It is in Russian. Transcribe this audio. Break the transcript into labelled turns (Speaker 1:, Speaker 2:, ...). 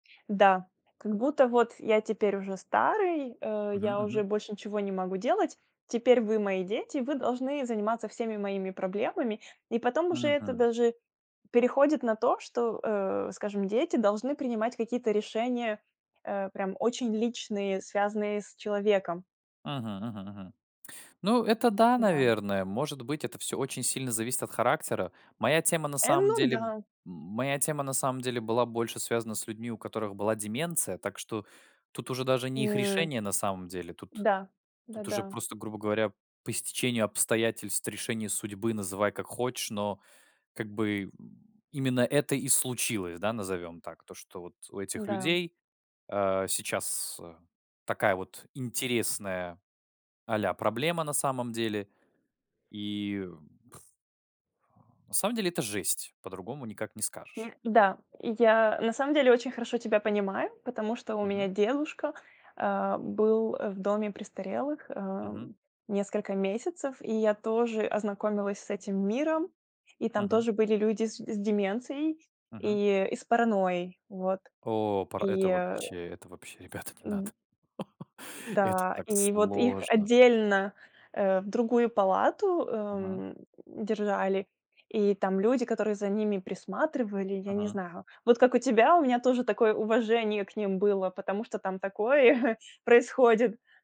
Speaker 1: Да. Как будто: "Вот я теперь уже старый, э,
Speaker 2: Мгм,
Speaker 1: я уже
Speaker 2: мгм.
Speaker 1: больше ничего не могу делать. Теперь вы- мои дети, вы должны заниматься всеми моими проблемами". И потом уже это
Speaker 2: Мгм.
Speaker 1: даже переходит на то, что, э, скажем, дети должны принимать какие-то решения, э, прям очень личные, связанные с человеком.
Speaker 2: Мгм, мгм, мгм. Ну это да,
Speaker 1: Да.
Speaker 2: наверное. Может быть, это всё очень сильно зависит от характера. Моя тема на
Speaker 1: Э,
Speaker 2: самом
Speaker 1: ну
Speaker 2: деле м,
Speaker 1: да.
Speaker 2: моя тема на самом деле была больше связана с людьми, у которых была деменция, так что тут уже даже не их
Speaker 1: М.
Speaker 2: решение на самом деле. Тут
Speaker 1: Да.
Speaker 2: тут уже
Speaker 1: Да-да.
Speaker 2: просто, грубо говоря, по стечению обстоятельств, решению судьбы- называй как хочешь, но как бы именно это и случилось, да, назовем так. То, что вот у этих
Speaker 1: Да.
Speaker 2: людей, э, сейчас такая вот интересная а-ля проблема на самом деле. И На самом деле, это жесть. По-другому никак не скажешь.
Speaker 1: Не Да. Я на самом деле очень хорошо тебя понимаю, потому что у меня
Speaker 2: Мгм.
Speaker 1: дедушка, э, был, э, в доме престарелых, э,
Speaker 2: Мгм.
Speaker 1: несколько месяцев. И я тоже ознакомилась с этим миром. И там
Speaker 2: Мгм.
Speaker 1: тоже были люди с с деменцией
Speaker 2: Мгм.
Speaker 1: и и с паранойей. Вот.
Speaker 2: О, пара
Speaker 1: И
Speaker 2: Это вообще, это вообще. Ребята, не надо.
Speaker 1: М.
Speaker 2: Это
Speaker 1: Да.
Speaker 2: так
Speaker 1: И вот их
Speaker 2: сложно.
Speaker 1: отдельно, э, в другую палату,
Speaker 2: Мгм.
Speaker 1: эм, держали. И там люди, которые за ними присматривали, я не
Speaker 2: Мгм.
Speaker 1: знаю. Вот как у тебя, у меня тоже такое уважение к ним было, потому что там такое происходит.